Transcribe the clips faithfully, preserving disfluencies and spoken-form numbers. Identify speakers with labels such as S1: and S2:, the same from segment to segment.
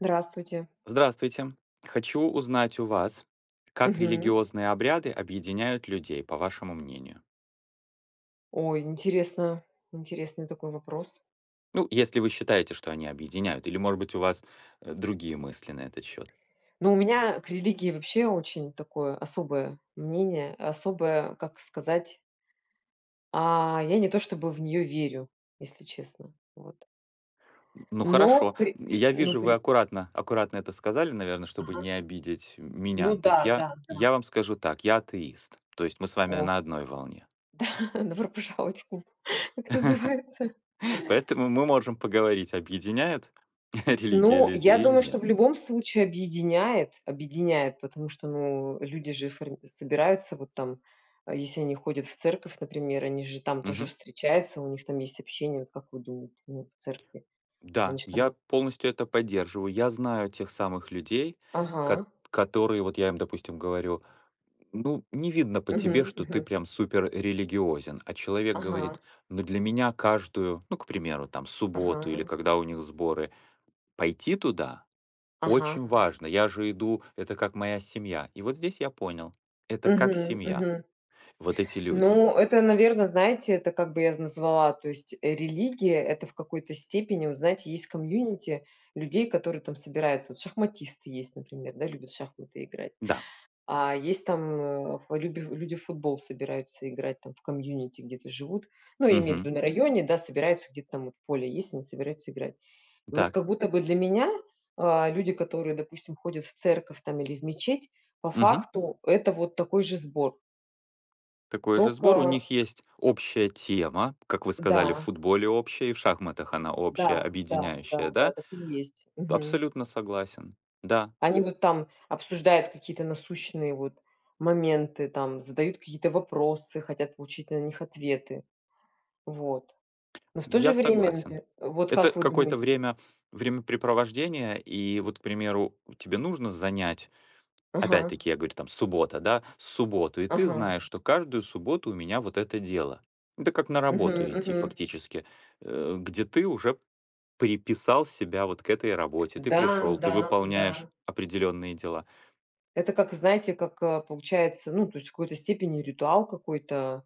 S1: Здравствуйте.
S2: Здравствуйте. Хочу узнать у вас, как
S1: Мгм.
S2: религиозные обряды объединяют людей, по вашему мнению.
S1: Ой, интересно, интересный такой вопрос.
S2: Ну, если вы считаете, что они объединяют, или, может быть, у вас, э, другие мысли на этот счёт.
S1: Ну, у меня к религии вообще очень такое особое мнение, особое, как сказать А, я не то чтобы в нее верю, если честно. Вот.
S2: М, ну
S1: Но
S2: хорошо,
S1: при
S2: м, я
S1: но
S2: вижу, вы
S1: при
S2: аккуратно аккуратно это сказали, наверно, чтобы
S1: Ага.
S2: не обидеть м
S1: Ну
S2: меня. Так,
S1: да,
S2: я-
S1: да, да.
S2: я вам скажу так: я атеист. То есть мы с вами
S1: О
S2: на одной волне.
S1: да, добро пожаловать в клуб, как называется.
S2: Поэтому мы можем поговорить, объединяет религия
S1: Ну, я
S2: людей или
S1: думаю, что
S2: нет.
S1: в любом случае объединяет объединяет, потому что, ну, люди же форми собираются вот там, а, если они ходят в церковь, например, они же там тоже
S2: Мгм.
S1: встречаются, у них там есть общение, вот как вы думаете, ну, в церкви? Они
S2: Да,
S1: ж
S2: я
S1: там
S2: полностью это поддерживаю. Я знаю тех самых людей, кот
S1: Ага.
S2: которые вот я им, допустим, говорю: "Ну, не видно по тебе,
S1: Мгм,
S2: что ты
S1: мгм.
S2: прям супер религиозен". А человек
S1: Ага.
S2: говорит: "Ну, для меня каждую ну, к примеру, там, субботу или
S1: Ага.
S2: когда у них сборы, пойти туда
S1: Ага.
S2: очень важно. Я же иду, это как моя семья". И вот здесь я понял. Это как
S1: Мгм,
S2: семья.
S1: мгм.
S2: Вот эти люди.
S1: Ну, это, наверно, знаете, это как бы я з назвала, то есть религия- это в какой-то степени, вот, знаете, есть community людей, которые там собираются. Вот шахматисты есть, например, да, любят в шахматы играть,
S2: Да.
S1: а есть там, э, люби люди в футбол собираются играть, там в community где-то живут, ну, я имею в
S2: Мгм.
S1: виду, на районе, да, собираются, где-то там, вот, поле есть, они собираются играть. И вот
S2: Так.
S1: как будто бы для меня, а, люди, которые, допустим, ходят в церковь, там, или в мечеть, по
S2: Мгм.
S1: факту- это вот такой же сбор.
S2: Такой же сбор. У
S1: Тока.
S2: них есть общая тема. Как вы сказали, в
S1: Да.
S2: футболе общая, и в шахматах она общая,
S1: Да, да,
S2: объединяющая,
S1: да, да,
S2: да?
S1: так и есть. Мгм.
S2: Абсолютно согласен. Да.
S1: Они вот там обсуждают какие-то насущные, вот, моменты, там задают какие-то вопросы, хотят получить на них ответы. Вот. Но в то
S2: Я
S1: же время,
S2: согласен.
S1: например, вот
S2: Это
S1: как вы
S2: какое-то
S1: думаете?
S2: время времяпрепровождение, и вот, к примеру, тебе нужно занять,
S1: Ага.
S2: опять-таки, я говорю, там, суббота, да? Субботу, и ты
S1: Ага.
S2: знаешь, что каждую субботу у меня вот это дело. Это как на
S1: Мгм,
S2: работу идти
S1: мгм.
S2: фактически, э, где ты уже приписал себя вот к этой работе. Ты
S1: Да,
S2: пришёл, ты
S1: да,
S2: выполняешь
S1: да.
S2: определённые дела.
S1: Это как, знаете, как, э, получается, ну, то есть в какой-то степени ритуал какой-то,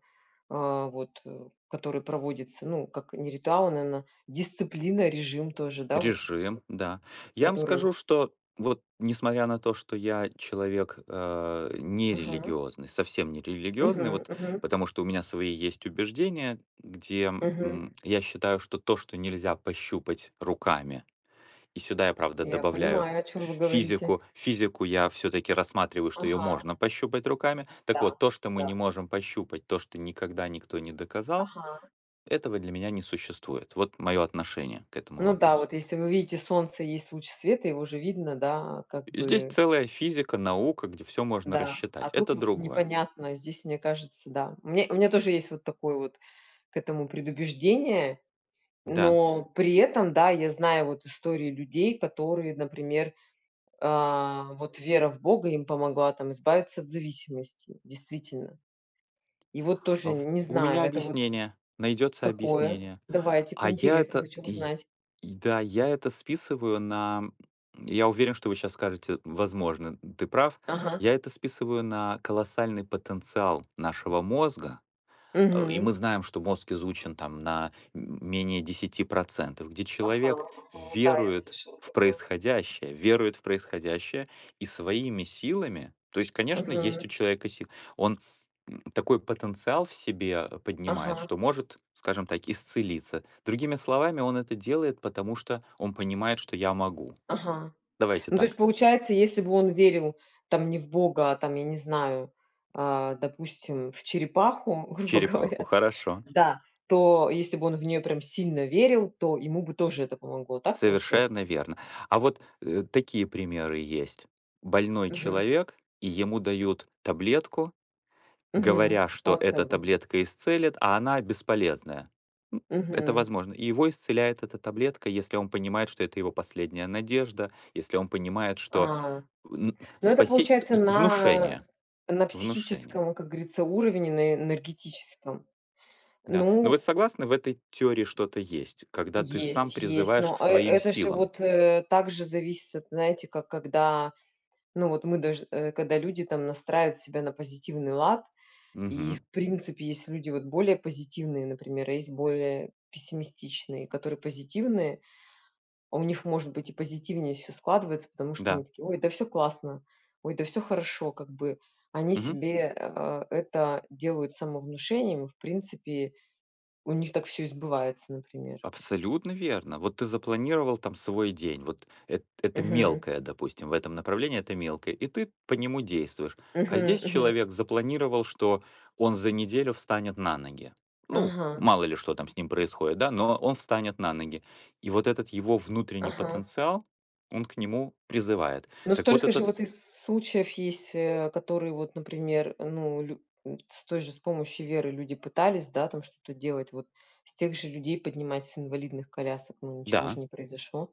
S1: а, вот, э, который проводится, ну, как не ритуал, а, наэна, дисциплина, режим тоже, да вот.
S2: Режим, да. Я вам
S1: Который
S2: скажу, что вот несмотря на то, что я человек, э,
S1: Ага.
S2: нерелигиозный, совсем нерелигиозный,
S1: Мгм
S2: вот
S1: мгм.
S2: потому что у меня свои есть убеждения, где,
S1: Мгм.
S2: м, я считаю, что то, что нельзя пощупать руками, и сюда я правда
S1: Я
S2: добавляю
S1: понимаю, о чем
S2: ф
S1: вы говорите.
S2: физику физику я всё-таки рассматриваю, что её
S1: Ага.
S2: можно пощупать руками, так
S1: Да,
S2: вот то, что мы не
S1: да.
S2: можем пощупать, то, что никогда никто не доказал,
S1: Ага.
S2: этого для меня не существует. Вот мое отношение к этому
S1: Ну да,
S2: вопросу.
S1: вот, если вы видите, солнце и есть луч света, его же видно, да, а, как
S2: Здесь
S1: бы.
S2: целая физика, наука, где всё можно
S1: Да, а
S2: рассчитать.
S1: тут
S2: Это
S1: вот
S2: другое.
S1: непонятно, здесь мне кажется, да. У меня у меня тоже есть вот такое вот, к этому предубеждение,
S2: Да.
S1: но при этом, да, я знаю вот истории людей, которые, например, а, вот вера в бога им помогла, там, избавиться от зависимости, действительно. И вот тоже
S2: А в
S1: не
S2: у
S1: знаю,
S2: меня
S1: это вот
S2: объяснение, найдется
S1: Какое?
S2: объяснение,
S1: Давайте-ка,
S2: а я
S1: интересно,
S2: это
S1: хочу
S2: й
S1: узнать.
S2: и да, я это списываю на, м, я уверен, что вы щас скажете: "М, возможно, м, ты прав".
S1: Ага.
S2: Я это списываю на колоссальный потенциал нашего мозга, а, и
S1: Мгм.
S2: мы знаем, что мозг изучен там на м менее десяти процентов, где
S1: Ага,
S2: человек
S1: ага. Да, я
S2: верует
S1: слышала
S2: в
S1: такое.
S2: происходящее, верует в происходящее, и своими силами, то есть, конечно, есть у
S1: Мгм.
S2: человека си он м такой потенциал в себе поднимает,
S1: Ага.
S2: что может, скажем так, исцелиться. Другими словами, он это делает, потому что он понимает, что я могу вот.
S1: Ага.
S2: Давайте
S1: Ну, то есть,
S2: так.
S1: получается, если бы он верил, там, не в бога, там, я не знаю, а, допустим, в черепаху, грубо
S2: Черепаху,
S1: говоря
S2: хорошо.
S1: да, то если бы он в нее прям сильно верил, то ему бы тоже это помогло, так получается?
S2: Совершенно верно. А вот, э, такие примеры есть. Больной
S1: Мгм.
S2: человек, и ему дают таблетку,
S1: Мгм,
S2: говоря, что эта
S1: плацебо.
S2: таблетка исцелит, а она бесполезная, м, это
S1: Мгм.
S2: возможно. И его исцеляет эта таблетка, если он понимает, что это его последняя надежда, если он понимает, что,
S1: А,
S2: э, н
S1: ну, это
S2: спасеть
S1: получается
S2: и
S1: на
S2: внушение
S1: на
S2: внушение.
S1: психическом, как говорится, уровне, на на энергетическом,
S2: Да, но вы
S1: ну
S2: согласны, в этой теории что-то есть, когда ты сам
S1: Есть есть,
S2: призываешь
S1: но,
S2: к
S1: э, э
S2: своим
S1: это же
S2: силам.
S1: вот, э, так же зависит, от знаете, как когда, ну, вот мы даж э, когда люди там настраивают себя на позитивный лад. И в
S2: Мгм.
S1: принципе есть люди вот более позитивные, например, а есть более пессимистичные, которые позитивные, а у них может быть и позитивнее всё складывается, потому что
S2: Да.
S1: они такие: "Ой, да всё классно, ой, да всё хорошо как бы". Они
S2: Мгм.
S1: себе, а, это делают самовнушением, в принципе у них так всё и сбывается, например.
S2: Абсолютно верно. Вот ты запланировал там свой день. Вот эт это
S1: Мгм.
S2: мелкое, допустим, в этом направлении это мелкое, и ты по нему действуешь. А
S1: Мгм,
S2: здесь
S1: мгм.
S2: человек запланировал, что он за неделю встанет на ноги. Ну,
S1: Ага.
S2: мало ли что там с ним происходит, да, но он встанет на ноги. И вот этот его внутренний
S1: Ага.
S2: потенциал, он к
S1: М.
S2: нему призывает.
S1: Но
S2: Так вот,
S1: столько же
S2: этот
S1: вот из с случаев есть, э, которые, вот, например, ну лю С той же, с помощью веры люди пытались, да, там что-то делать вот, с тех же людей поднимать с инвалидных колясок, но ничего ж
S2: Да.
S1: не произошло.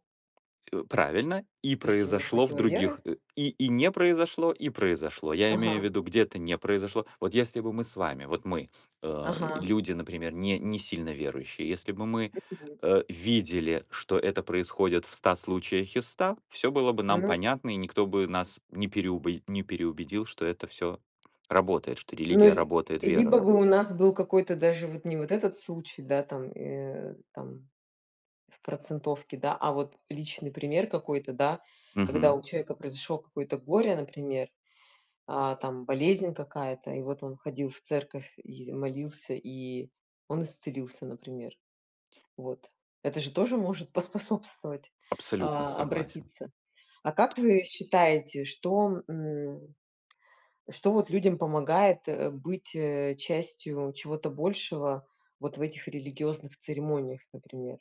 S2: Э, правильно, и
S1: То есть им не
S2: произошло в
S1: хватило веры?
S2: других, э, и и не произошло, и произошло. Я имею в
S1: Ага.
S2: виду, где-то не произошло. Вот если бы мы с вами, вот мы, э,
S1: Ага.
S2: люди, например, не не сильно верующие, если бы мы,
S1: Мгм.
S2: э, видели, что это происходит в ста случаях из ста, всё было бы нам
S1: Ну
S2: понятно, и никто бы нас не переубе не переубедил, что это всё работает, что
S1: Ну
S2: религия
S1: ль
S2: работает, вера
S1: либо бы
S2: работа
S1: у нас был какой-то даже вот, не вот этот случай, да, там, э, там в процентовке, да, а вот личный пример какой-то, да, когда
S2: Мгм.
S1: у человека произошло какое-то горе, например, а, там болезнь какая-то, и вот он ходил в церковь и молился, и он исцелился, например. Вот, это же тоже может поспособствовать,
S2: Абсолютно
S1: а,
S2: согласен.
S1: обратиться. А как вы считаете, что, м, что, вот, людям помогает, э, быть, э, частью чего-то большего вот в этих религиозных церемониях, например?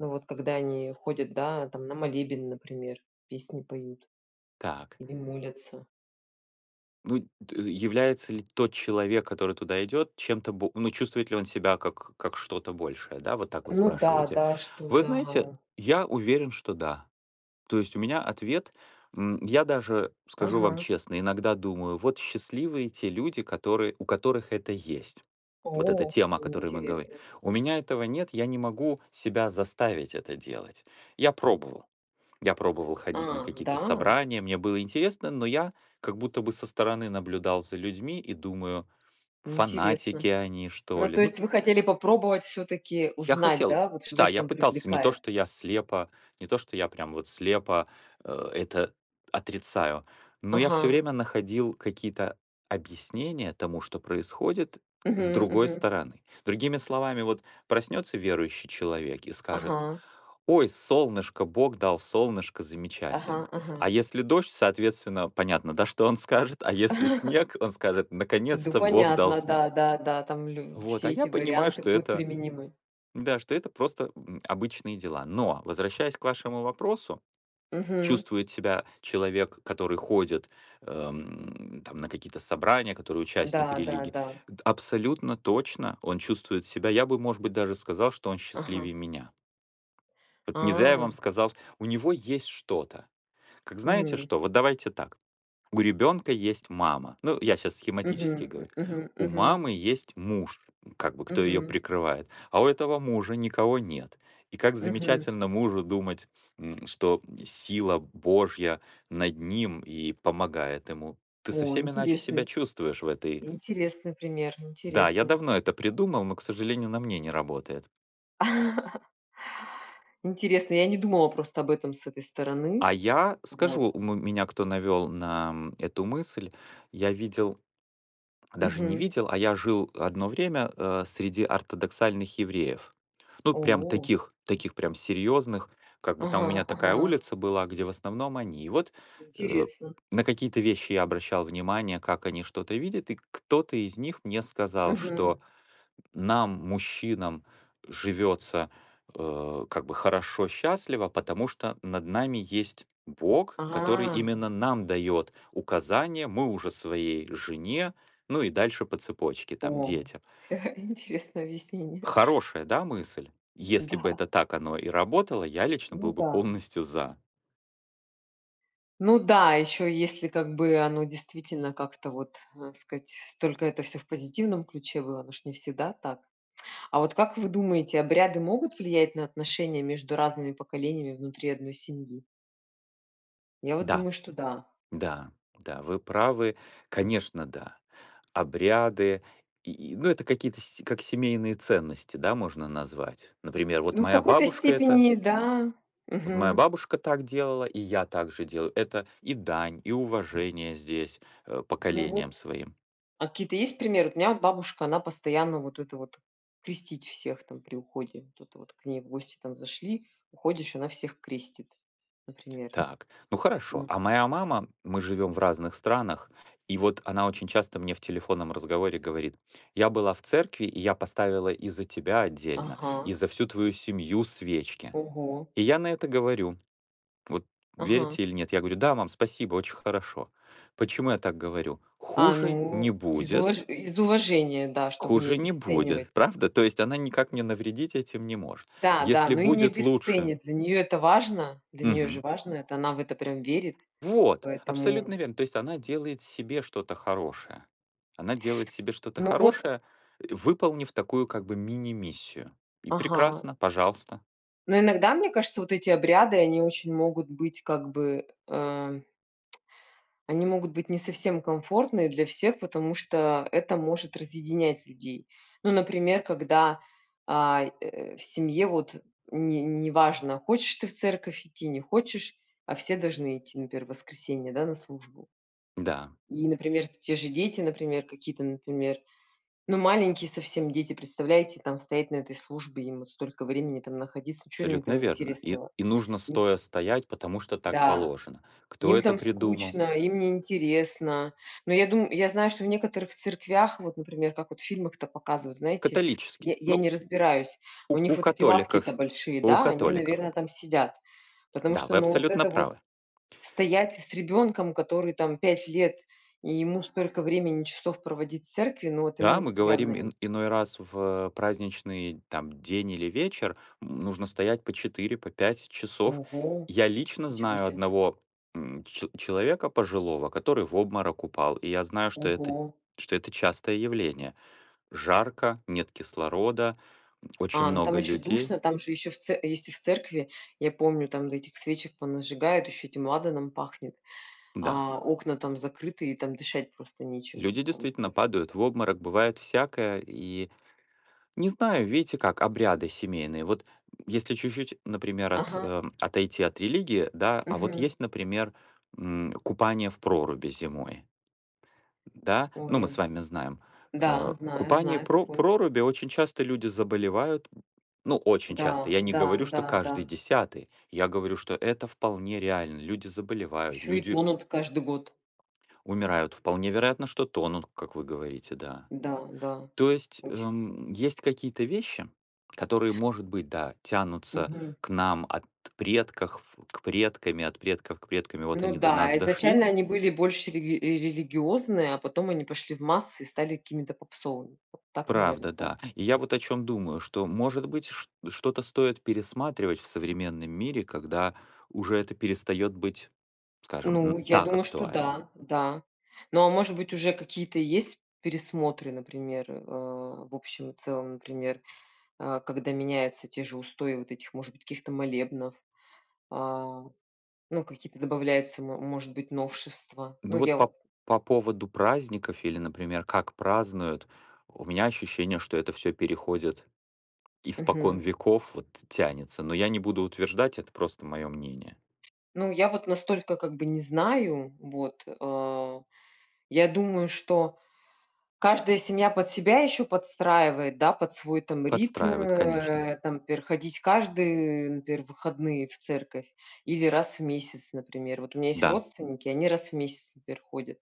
S1: Ну, вот, когда они ходят, да, там, на молебен, например, песни поют,
S2: Так.
S1: или молятся.
S2: Ну, д является ли тот человек, который туда идет, чем-то бо ну, чувствует ли он себя как как что-то большее, да? Вот так вы
S1: Ну да,
S2: спрашиваете.
S1: да, что
S2: Вы знаете,
S1: да.
S2: я уверен, что да. То есть у меня ответ, м. Я даже скажу вам
S1: Ага.
S2: честно, иногда думаю: "Вот счастливые те люди, которые у которых это есть". Вот эта
S1: О,
S2: тема, о которой мы говорим.
S1: интересно.
S2: У меня этого нет, я не могу себя заставить это делать. Я пробовал. Я пробовал ходить на
S1: А,
S2: какие-то
S1: да?
S2: собрания, мне было интересно, но я как будто бы со стороны наблюдал за людьми и думаю: "Фанатики
S1: Интересно.
S2: они, что
S1: Ну,
S2: ли,
S1: то
S2: ну".
S1: есть, вы хотели попробовать всё-таки
S2: Я
S1: узнать,
S2: хотел.
S1: да, вот что
S2: Да,
S1: их
S2: я
S1: там
S2: пытался, не то
S1: привлекает?
S2: что я слепо не то что я прям вот слепо, а это отрицаю, но я всё
S1: Ага.
S2: время находил какие-то объяснения тому, что происходит, с
S1: Мгм.
S2: другой
S1: Мгм.
S2: стороны. Другими словами, вот проснётся верующий человек и скажет:
S1: Ага.
S2: "Ой, солнышко, Бог дал, солнышко, замечательно!"
S1: Ага, ага.
S2: А если дождь, соответственно, понятно, да, что он скажет, а если снег, он скажет:
S1: Ду,
S2: "Наконец-то Бог дал
S1: понятно,
S2: снег".
S1: да, да, да, там лю
S2: Вот, а
S1: все
S2: я
S1: эти
S2: понимаю,
S1: варианты
S2: что
S1: будут
S2: это,
S1: применимы.
S2: н-да, что это просто, м, обычные дела. Но, возвращаясь к вашему вопросу,
S1: Мгм.
S2: чувствует себя человек, который ходит, эм, там, на какие-то собрания, который участник
S1: Да, да,
S2: религии.
S1: да.
S2: Д абсолютно точно он чувствует себя. Я бы, может быть, даже сказал, что он счастливее
S1: Ага.
S2: меня. Вот не зря я вам
S1: А.
S2: сказал у него есть что-то. Как, знаете
S1: М.
S2: что? Вот давайте так. У ребёнка есть мама, ну, я щас
S1: Мгм.
S2: схематически говорю.
S1: М мгм.
S2: У
S1: Мгм.
S2: мамы есть муж, как бы, кто её
S1: Мгм.
S2: прикрывает, а у этого мужа никого нет. И как
S1: Мгм.
S2: замечательно мужу думать, м, что, м, сила Божья над ним и помогает ему. Ты
S1: О,
S2: совсем иначе себя
S1: интересный.
S2: чувствуешь в этой
S1: Интересный пример,
S2: Да, я
S1: интересный.
S2: давно это придумал, но, к сожалению, на мне не работает.
S1: Интересный, я не думала просто об этом с этой стороны.
S2: А я скажу,
S1: Вот.
S2: у м меня кто навёл на м эту мысль. Я видел даже не
S1: Мгм.
S2: видел, а я жил одно время, э, среди ортодоксальных евреев. Ну, прям
S1: О.
S2: таких таких прям серьёзных, как бы там у
S1: Ага,
S2: меня такая
S1: ага.
S2: улица была, где в основном они. И вот, э,
S1: Интересно.
S2: на какие-то вещи я обращал внимание, как они что-то видят, и кто-то из них мне сказал,
S1: Мгм.
S2: что нам, мужчинам, живётся, э, как бы хорошо, счастливо, потому что над нами есть Бог, который
S1: А.
S2: именно нам даёт указания, мы уже своей жене, ну, и дальше по цепочке там,
S1: О,
S2: детям.
S1: интересное объяснение.
S2: Хорошая, да, мысль? Если бы
S1: Да.
S2: это так оно и работало, я лично
S1: Ну
S2: был бы
S1: да.
S2: полностью за.
S1: Ну да, ещё, если как бы оно действительно как-то вот, а, сказать, только это всё в позитивном ключе было, оно ж не всегда так. А вот как вы думаете, обряды могут влиять на отношения между разными поколениями внутри одной семьи? Я вот
S2: Да.
S1: думаю, что да.
S2: Да, да, вы правы. Конечно, да. Обряды, и и, ну, это какие-то, сь как семейные ценности, да, можно назвать. Например, вот
S1: Ну, в
S2: моя
S1: какой-то
S2: бабушка- это
S1: степени да.
S2: Вот моя
S1: Мгм.
S2: бабушка так делала, и я так же делаю. Это и дань, и уважение здесь, э,
S1: Ну,
S2: поколениям
S1: вот,
S2: своим.
S1: а какие-то есть примеры? Вот у меня от бабушка, она постоянно вот это вот крестить всех там при уходе. Вот это вот к ней в гости там зашли, уходишь, она всех крестит, например.
S2: Так, ну, хорошо.
S1: Ну.
S2: А моя мама мы живём в разных странах, и вот она очень часто мне в телефонном разговоре говорит: "Я была в церкви, и я поставила и за тебя отдельно, и
S1: Ага.
S2: за всю твою семью свечки".
S1: Ого.
S2: И я на это говорю вот верите
S1: Ага.
S2: или нет? Я говорю: "Да, мам, спасибо, очень хорошо". Почему я так говорю?
S1: А,
S2: Хуже не
S1: ну, из
S2: будет.
S1: уваж из уважения, да, чтобы не
S2: Хуже не
S1: обесценивать.
S2: будет, правда? То есть она никак мне навредить этим не может.
S1: Да, да,
S2: Если
S1: но и не
S2: будет лучше.
S1: обесценит, для неё это важно. Для неё же
S2: Мгм.
S1: важно это, она в это прям верит,
S2: Вот, абсолютно
S1: поэтому.
S2: верно. То есть она делает себе что-то хорошее. Она делает себе что-то
S1: Ну вот.
S2: хорошее, и, выполнив такую как бы мини-миссию. И
S1: Ага.
S2: прекрасно, пожалуйста.
S1: Но иногда, мне кажется, вот эти обряды, они очень могут быть, как бы, эм Они могут быть не совсем комфортные для всех, потому что это может разъединять людей. Ну, например, когда, а, э, в семье вот не неважно, хочешь ты в церковь идти, не хочешь, а все должны идти, например, в воскресенье, да, на службу.
S2: Да.
S1: И, например, те же дети, например, какие-то, например, ну, маленькие совсем дети, представляете, там стоять на этой службе, им вот столько времени там находиться, чё им
S2: Абсолютно
S1: там
S2: верно. И
S1: интересного?
S2: и нужно
S1: М.
S2: стоя стоять, потому что так
S1: Да,
S2: положено. Кто
S1: им
S2: это
S1: там
S2: придумал?
S1: скучно, им не интересно, но я дум я знаю, что в некоторых церквях, вот, например, как вот в фильмах там показывают, знаете,
S2: Католический.
S1: я я
S2: Ну.
S1: не разбираюсь,
S2: У
S1: у них
S2: у
S1: вот эти лавки-то
S2: католиков
S1: большие,
S2: у
S1: да, они,
S2: католиков.
S1: наверно, там сидят, потому
S2: Да,
S1: что,
S2: вы
S1: ну, вот
S2: абсолютно
S1: это вот
S2: правы.
S1: стоять с ребенком, который там пять лет, и ему столько времени часов проводить в церкви, ну, вот
S2: Да,
S1: ему
S2: мы
S1: явно
S2: говорим ин
S1: нь
S2: иной раз в праздничный там день или вечер, нужно стоять по четыре, по пять часов.
S1: Ого,
S2: Я лично
S1: ничего
S2: знаю
S1: себе.
S2: одного, м, че человека пожилого, который в обморок упал, и я знаю, что это
S1: Ого.
S2: что это частое явление. Жарко, нет кислорода, м, очень
S1: А, ну, там
S2: много
S1: ещё
S2: людей.
S1: душно, там же ещё в це если в церкви, я помню, там, да, этих свечек понажигают, ещё этим ладаном пахнет,
S2: Да.
S1: а окна там закрыты, и там дышать просто нечем.
S2: Люди
S1: Там
S2: действительно
S1: прос
S2: падают в обморок, бывает всякое, и, не знаю, видите как, обряды семейные. Вот, м, если чуть-чуть, например, от
S1: Ага.
S2: а, отойти от религии, да? А вот
S1: Мгм.
S2: есть, например, м, купание в проруби зимой, да? Ну, мы с
S1: Ой,
S2: вами знаем.
S1: да,
S2: Э,
S1: знаю
S2: купание в
S1: знаю
S2: про
S1: такое.
S2: проруби- очень часто люди заболевают, м, ну, очень часто.
S1: Да,
S2: Я не
S1: да,
S2: говорю, что
S1: да,
S2: каждый
S1: да.
S2: десятый, я говорю, что это вполне реально. Люди заболевают,
S1: Ещё и
S2: люди
S1: тонут каждый год.
S2: умирают, вполне вероятно, что тонут, как вы говорите, да.
S1: Да, да,
S2: То есть,
S1: очень.
S2: эм, есть какие-то вещи, которые, может быть, да, тянутся
S1: Мгм.
S2: к нам от предках в к предками, от предков к предками, вот
S1: Ну
S2: они до
S1: да,
S2: нас
S1: а
S2: дошли.
S1: изначально они были больше религи религиозные, а потом они пошли в массы и стали какими-то попсовыми, вот так, наверно,
S2: Правда,
S1: да?
S2: да. И я вот о чём думаю, что, может быть, шт что-то стоит пересматривать в современном мире, когда уже это перестаёт быть, скажем, м,
S1: Ну, я
S2: так
S1: думаю, что
S2: актуально.
S1: да, да. Но, а может быть, уже какие-то есть пересмотры, например, а, в общем и целом, например, а, когда меняются те же устои вот этих, может быть, каких-то молебнов, а, ну, какие-то добавляются, мо может быть, новшества. Ну,
S2: Ну, вот,
S1: я
S2: по
S1: вот
S2: п по поводу праздников или, например, как празднуют, у меня ощущение, что это всё переходит испокон
S1: Мгм.
S2: веков, вот, тянется, но я не буду утверждать, это просто моё мнение.
S1: Ну, я вот настолько, как бы, не знаю, вот. А, я думаю, что каждая семья под себя ещё подстраивает, да, под свой там ритм,
S2: Подстраивает, конечно.
S1: э, там, например, ходить каждые, например, выходные в церковь или раз в месяц, например. Вот у меня есть
S2: Да.
S1: родственники, они раз в месяц, например, ходят,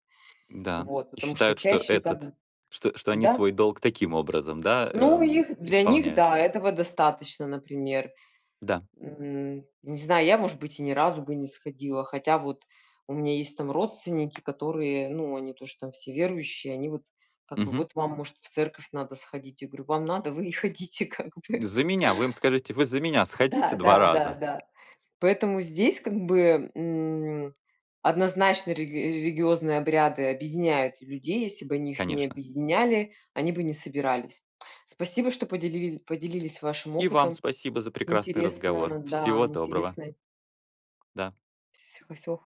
S2: М-да.
S1: вот,
S2: И
S1: потому что
S2: считают, что
S1: чаще как,
S2: этот что что они
S1: да.
S2: свой долг таким образом, да,
S1: Ну,
S2: эм,
S1: их для них,
S2: исполняют?
S1: да, этого достаточно, например.
S2: Да.
S1: М, не знаю, я, может быть, и ни разу бы не сходила, хотя, вот, у меня есть там родственники, которые, ну, они тоже там все верующие, они, вот, как бы:
S2: Мгм.
S1: "Вот вам, может, в церковь надо сходить". Я говорю: "Вам надо, вы и ходите, как бы".
S2: За меня. Вы им скажите, вы за меня сходите
S1: Да,
S2: два
S1: да, да,
S2: раза?
S1: да. Поэтому здесь, как бы, м, однозначно религи религиозные обряды объединяют людей. Если бы они их не
S2: Конечно.
S1: объединяли, они бы не собирались. Спасибо, что поделили поделились вашим
S2: И вам
S1: опытом.
S2: спасибо за прекрасный разговор.
S1: Интересно, да,
S2: Всего доброго!
S1: интересный.
S2: Да.
S1: Всь всего х